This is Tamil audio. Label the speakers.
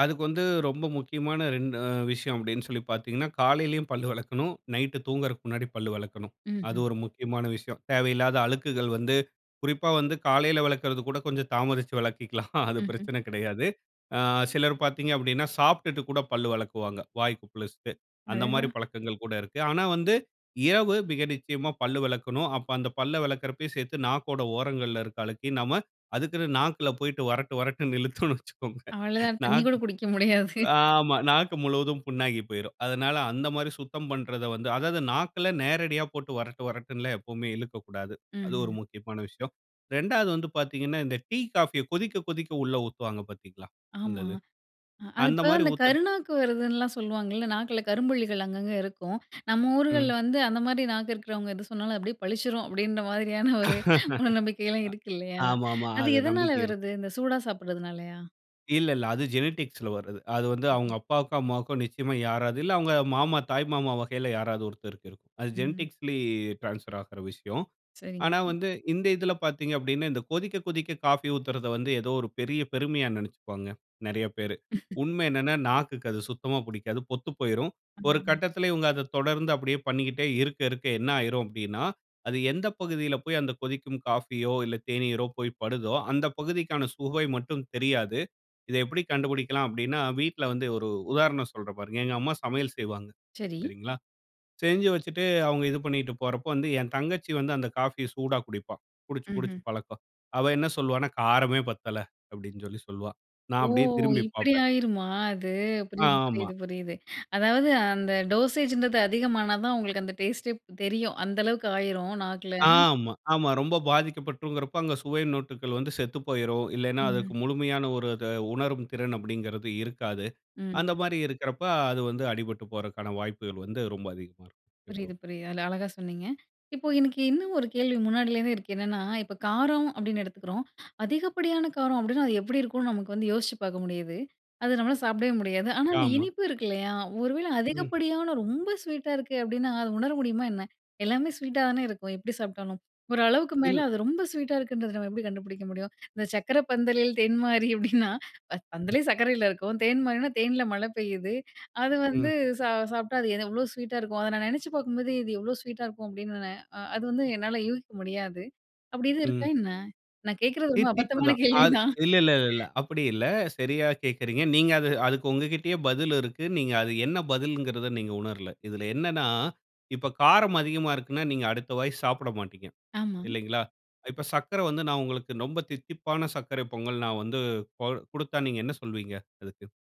Speaker 1: அதுக்கு வந்து ரொம்ப முக்கியமான 2 விஷயம் அப்படின்னு சொல்லி பார்த்தீங்கன்னா, காலையிலேயும் பல்லு விலக்கணும், நைட்டு தூங்குறதுக்கு முன்னாடி பல்லு விலக்கணும். அது
Speaker 2: ம்ஹ்ம்.
Speaker 1: ஒரு முக்கியமான விஷயம். தேவையில்லாத அழுக்குகள் வந்து குறிப்பா வந்து காலையில விலக்கறது கூட கொஞ்சம் தாமதித்து விலக்கிலாம், அது
Speaker 2: ம்ஹ்ம்.
Speaker 1: பிரச்சனை கிடையாது. அ சிலர் பார்த்தீங்க அப்படின்னா சாப்பிட்டுட்டு கூட பல் விலக்குவாங்க, வாய் குப்பளிச்சிட்டு. அந்த மாதிரி
Speaker 2: அடடா.
Speaker 1: பழக்கங்கள் கூட இருக்கு. ஆனா வந்து இரவு மிக நிச்சயமா பல் விலக்கணும். அப்ப அந்த பல்லை விலக்கறப்பையும் சேர்த்து நாக்கோட ஓரங்கள்ல இருக்கிற அழுக்கையும் நாம அதுக்குன்னு நாக்கில் போயிட்டு வரட்டு வரட்டுன்னு இழுத்தோம்னு வச்சுக்கோங்க,
Speaker 2: அவ்வளோதான், தண்ணி கூட
Speaker 1: நாக்கு
Speaker 2: குடிக்க முடியாது.
Speaker 1: ஆமா. நாக்கு முழுவதும் புண்ணாகி போயிறும். அதனால் அந்த மாதிரி சுத்தம் பண்றத வந்து அதாவது நாக்கில நேரடியா போட்டு வரட்டு வரட்டுன்னுல்லாம் எப்போமே இழுக்கக்கூடாது.
Speaker 2: ம்,
Speaker 1: அது ஒரு
Speaker 2: ம்.
Speaker 1: முக்கியமான விஷயம். 2வது வந்து பார்த்தீங்கனா இந்த டீ, காஃபிய கொதிக்க கொதிக்க உள்ளே உத்துவாங்க பார்த்தீங்களா? அந்த
Speaker 2: ஆமா.
Speaker 1: இது.
Speaker 2: அது
Speaker 1: அந்த
Speaker 2: இப்போ
Speaker 1: மாதிரி
Speaker 2: அந்த
Speaker 1: ஊத்தண்
Speaker 2: கருநாக்கு வருதுன்னுலாம் சொல்லுவாங்கல்ல. நாக்கில கரும்புள்ளிகள் அங்க அங்க இருக்கும். நம்ம
Speaker 1: ம்.
Speaker 2: ஊர்களில வந்து, அந்த மாதிரி நாக்கு இருக்கிறவங்க எது சொன்னாலும் அப்படியே பளிச்சிடும் அப்படின்ற மாதிரியான ஒரு மூடநம்பிக்கைலாம் இருக்கு இல்லையா?
Speaker 1: அ, ஆமாமா.
Speaker 2: அது
Speaker 1: அது
Speaker 2: எதனால
Speaker 1: நம்பிக்கை இல்
Speaker 2: வருது? இந்த சூடா சாப்பிட்றதுனாலையா?
Speaker 1: இல்ல, இல்ல. அது ஜெனடிக்ஸ்ல வர்றது. அது வந்து அவங்க
Speaker 2: ம்.
Speaker 1: அப்பாக்கோ, அம்மாக்கோ நிச்சயமா யாராவது இல்ல அவங்க மாமா, தாய் மாமா வகையில யாராவது ஒருத்தருக்கு இருக்கும். அது
Speaker 2: ம்.
Speaker 1: ஜெனடிக்ஸ்ல டிரான்ஸ்பர் ஆகிற விஷயம்.
Speaker 2: சரிங்க,
Speaker 1: ஆனா
Speaker 2: சரி.
Speaker 1: வந்து இந்த இதில பார்த்தீங்கனா, இந்த கொதிக்க கொதிக்க காஃபி ஊத்துறத வந்து ஏதோ ஒரு பெரிய பெருமையா நினைச்சுக்குவாங்க நிறைய பேர். உண்மை என்னனா, நாக்குக்கு அது சுத்தமா பிடிக்காது, பொத்து போயிரும். ஒரு
Speaker 2: ம்.
Speaker 1: கட்டத்தில இவங்க அத தொடர்ந்து அப்படியே பண்ணிகிட்டே இருக்க இருக்க என்ன ஆயிரும் அப்படின்னா, அது எந்த பகுதியில போய் அந்த கொதிக்கும் காஃபியோ இல்ல தேனீரோ போய் படுதோ, அந்த பகுதிக்கான சுவை மட்டும் தெரியாது. இத எப்படி கண்டுபிடிக்கலாம்? அப்படின்னா, வீட்ல வந்து ஒரு உதாரணம் சொல்றேன். பாருங்க. எங்க அம்மா சமையல் செய்வாங்க.
Speaker 2: சரி.
Speaker 1: சரிங்களா? செஞ்சு வச்சுட்டு அவங்க இது பண்ணிட்டு போறப்ப வந்து என் தங்கச்சி வந்து அந்த காஃபிய சூடா குடிப்பா. குடிச்சு, குடிச்சு
Speaker 2: ம்ஹ்ம்.
Speaker 1: பழக்கம். அவ என்ன சொல்லுவான்னா "காரமே பத்தல" அப்படின்னு சொல்லி சொல்வா. நான்
Speaker 2: ஓ!
Speaker 1: அப்படியே திரும்பி
Speaker 2: இப்படி
Speaker 1: பார்ப்பேன்.
Speaker 2: ஆயிருமா? அது.
Speaker 1: ஆ,
Speaker 2: புரியுது,
Speaker 1: ஆமா.
Speaker 2: புரியுது, புரியுது. அதாவது அந்த டோசேஜ்ன்றது அதிகமானா தான் உங்களுக்கு அந்த டேஸ்ட்டே தெரியும், அந்த அளவுக்கு ஆயிரும் நாக்கில.
Speaker 1: ஆமா, ஆமா. ரொம்ப பாதிக்கப்பட்டுறும்கிறப்ப, அங்க சுவை மொட்டுகள் வந்து செத்து போயிரும். இல்லைன்னா அதுக்கு
Speaker 2: ம்.
Speaker 1: முழுமையான ஒரு அத உணரும் திறன் அப்படின்றது இருக்காது.
Speaker 2: ம்.
Speaker 1: அந்த மாதிரி இருக்கிறப்ப அது வந்து அடிபட்டு போறதுக்கான வாய்ப்புகள் வந்து ரொம்ப அதிகமா இருக்கும். இப்ப.
Speaker 2: புரியுது, புரியுது. அது அழகா சொன்னிங்க. இப்போ எனக்கு இன்னும் ஒரு கேள்வி முன்னாடிலேருந்தே இருக்கு. என்னென்னா, இப்போ காரம் அப்படின்னு எடுத்துக்கிறோம். அதிகப்படியான காரம் அப்படினா, அது எப்படி இருக்கும்னு நமக்கு வந்து யோசிச்சு பார்க்க முடியுது. அது நம்மளால சாப்பிடவே முடியாது. ஆனா, அந்த
Speaker 1: ஆமா.
Speaker 2: இனிப்பு இருக்கு இல்லையா? ஒருவேள
Speaker 1: ம்.
Speaker 2: அதிகப்படியான, ரொம்ப ஸ்வீட்டா இருக்கு அப்படினா, அத உணர முடியுமா என்ன? எல்லாமே ஸ்வீட்டா தானே இருக்கும், எப்படி சாப்பிட்டாலும்? ஓரளவு அதுக்கு மேலே
Speaker 1: இல்ல.
Speaker 2: அது ரொம்ப ஸ்வீட்டா இருக்குன்றத நம்ம எப்படி கண்டுபிடிக்க முடியும்? இந்த "சர்க்கரை பந்தலில் தேன் மாறி" அப்படின்னா,
Speaker 1: ம்.
Speaker 2: பந்தலே சர்க்கரையில இருக்கும். தேன் மாறினா, தேன்ல மழை பெய்யுது. அது வந்து
Speaker 1: ம்.
Speaker 2: சா சாப்பிட்டா அது எவ்வளோ ஸ்வீட்டா இருக்கும்? அத நான் நினச்சு பார்க்கும்போது, இது எவ்வளோ ஸ்வீட்டா இருக்கும் அப்படின்னு, அது வந்து என்னால யூகிக்க முடியாது. அப்படி எதும் இருக்கா
Speaker 1: ம்.
Speaker 2: என்ன? நான் கேட்கறது ரொம்ப
Speaker 1: தித்திப்பு
Speaker 2: அபத்தமான
Speaker 1: தான் அது
Speaker 2: கேள்விதான்.
Speaker 1: இல்ல, இல்ல, இல்ல, இல்ல. அப்படி இல்ல, சரியா கேட்கிறீங்க. நீங்க அது அதுக்கு உங்க கிட்டயே பதில் இருக்கு. நீங்க அது என்ன பதில்ங்கறத நீங்க உணரல. இதில் என்னனா இப்ப காரம் அதிகமா இருக்குன்னா நீங்க அடுத்த வாய் சாப்பிட மாட்டீங்க
Speaker 2: ஆமா.
Speaker 1: இல்லைங்களா? இப்ப சர்க்கரை வந்து நான் உங்களுக்கு ரொம்ப தித்திப்பான சர்க்கரை பொங்கல் நான் வந்து கொ குடுத்தா நீங்க என்ன சொல்லுவீங்க அதுக்கு?